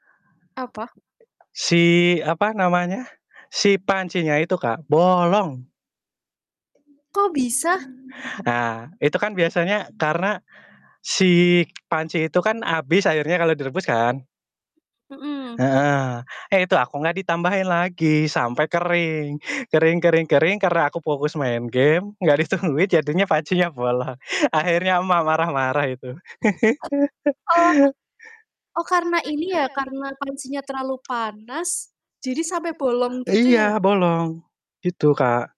Apa? Si apa namanya, si pancinya itu, Kak, bolong. Kok bisa? Ah, itu kan biasanya karena si panci itu kan abis airnya kalau direbus kan. Mmm. Heeh. Eh, itu aku nggak ditambahin lagi sampai kering. Kering kering kering, karena aku fokus main game, nggak ditungguin, jadinya pancinya bolong. Akhirnya emak marah-marah itu. Oh. Oh, karena ini ya, karena pancinya terlalu panas jadi sampe bolong gitu Iya ya? bolong, gitu, Mmm. Kak.